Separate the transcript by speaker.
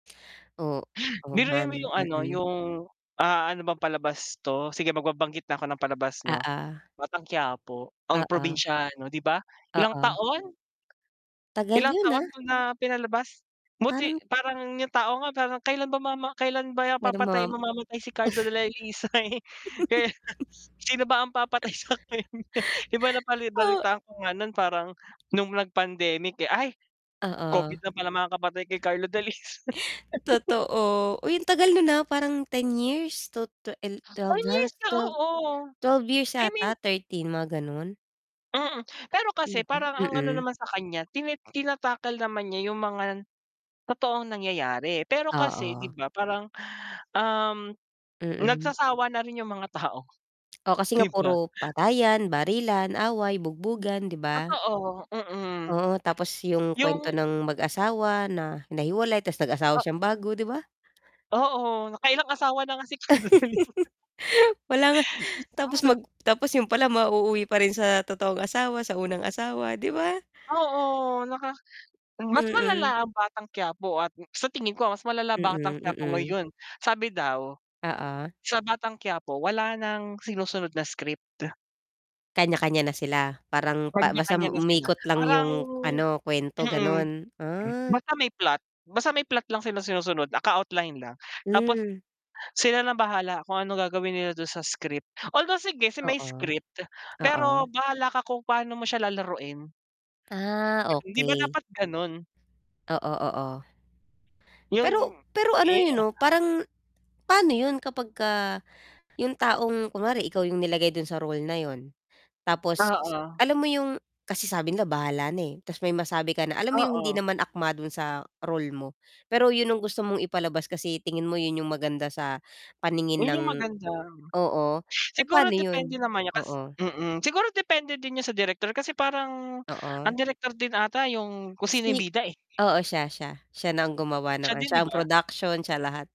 Speaker 1: O oo nga
Speaker 2: Biruin mo
Speaker 1: 'no,
Speaker 2: yung ano?
Speaker 1: mm.
Speaker 2: Yung, ah ano bang palabas 'to? Sige magbabanggit na ako ng palabas 'no?
Speaker 1: Oo
Speaker 2: Batang Quiapo, Ang
Speaker 1: Oo.
Speaker 2: Probinsyano, 'di ba, ilang
Speaker 1: Oo.
Speaker 2: taon?
Speaker 1: Tagal
Speaker 2: Ilang
Speaker 1: yun,
Speaker 2: taon
Speaker 1: ah.
Speaker 2: nung ah pinalabas? Buti,
Speaker 1: Parang
Speaker 2: parang yung tao nga parang kailan ba mama kailan ba
Speaker 1: Meron ma
Speaker 2: papatay mamamatay si Carlo Dalisay?
Speaker 1: o.
Speaker 2: kaya sino ba ang papatay sa kanya? Iba na balitaan ko nga nun, parang nung nag-pandemic eh, "Ay, Covid
Speaker 1: Oo.
Speaker 2: na palang kapatay kay Carlo Dalisay."
Speaker 1: Totoo. Uy ang tagal no'n ah na parang 10 years? To 12
Speaker 2: 9 years
Speaker 1: halos
Speaker 2: ka
Speaker 1: 12.
Speaker 2: oo,
Speaker 1: 12 years
Speaker 2: I
Speaker 1: yata
Speaker 2: mean
Speaker 1: 13 mga gano'n?
Speaker 2: Mm, pero
Speaker 1: 'Di
Speaker 2: kasi
Speaker 1: ba?
Speaker 2: parang ang ano
Speaker 1: mm.
Speaker 2: naman sa kanya? Tin tina-tackle naman niya yung mga totoong nangyayari. Pero kasi 'di
Speaker 1: Oo.
Speaker 2: ba parang? Um
Speaker 1: Mm.
Speaker 2: nagsasawa na rin yung mga tao
Speaker 1: Oh, kasi
Speaker 2: 'di
Speaker 1: nga
Speaker 2: ba?
Speaker 1: puro patayan, barilan, away, bugbugan, 'di ba?
Speaker 2: Totoo, mm.
Speaker 1: Oo, tapos yung kwento
Speaker 2: Yung
Speaker 1: ng mag-asawa na nahiwalay, tapos nag-asawa
Speaker 2: Oh
Speaker 1: siyang bago 'di ba?
Speaker 2: Oo, naka-ilang asawa na nga si Carlo Dalisay.
Speaker 1: Wala nga tapos
Speaker 2: [unintelligible]
Speaker 1: mag tapos yun pala mauuwi pa rin sa totoong asawa, sa unang asawa 'di ba?
Speaker 2: Oo, naka mas
Speaker 1: Mm.
Speaker 2: malala, Ang Batang Quiapo at sa tingin ko mas malala ang Batang
Speaker 1: Mm,
Speaker 2: Quiapo
Speaker 1: mm.
Speaker 2: ngayon. Sabi daw,
Speaker 1: Oo.
Speaker 2: sa Batang Quiapo wala ng sinusunod na script.
Speaker 1: Kanya-kanya na sila parang, pa basta
Speaker 2: Kanya-kanya na sila.
Speaker 1: umikot lang
Speaker 2: Parang
Speaker 1: yung ano kwento,
Speaker 2: mm,
Speaker 1: ganon? Ah.
Speaker 2: basta may plot, basta may plot lang sila sinusunod naka outline lang. Tapos
Speaker 1: Hmm.
Speaker 2: sila nang bahala kung anong gagawin nila dun sa script. Although, sige si may
Speaker 1: Oo,
Speaker 2: script,
Speaker 1: oo.
Speaker 2: pero bahala ka kung paano mo siya lalaruin.
Speaker 1: Ah,
Speaker 2: 'Di ba
Speaker 1: okey.
Speaker 2: dapat ganun?
Speaker 1: Oo, oo,
Speaker 2: Yung
Speaker 1: pero pero ano
Speaker 2: eh
Speaker 1: eh 'no, parang pano yun kapag yung taong kunware ikaw yung nilagay dun sa role na yun? tapos
Speaker 2: Oo.
Speaker 1: alam mo yung kasi sabi nila bahala na, eh, 'tas may masabi ka na alam mo yung hindi
Speaker 2: Oo.
Speaker 1: naman akma dun sa role mo? Pero yun ang gusto mong ipalabas kasi tingin mo yun yung maganda sa paningin
Speaker 2: Yun
Speaker 1: ng
Speaker 2: yung maganda.
Speaker 1: oo, eh,
Speaker 2: Siguro
Speaker 1: pano
Speaker 2: depende
Speaker 1: yun?
Speaker 2: naman niyan kas
Speaker 1: Oo.
Speaker 2: mm, siguro depende din 'yan sa direktor, kasi parang
Speaker 1: Oo.
Speaker 2: ang direktor din ata yung kung sino yung
Speaker 1: Si?
Speaker 2: bida eh?
Speaker 1: Oo, siya siya siya na ang gumawa ng
Speaker 2: Siya
Speaker 1: ano,
Speaker 2: din 'di
Speaker 1: siya ang
Speaker 2: ba?
Speaker 1: production siya lahat.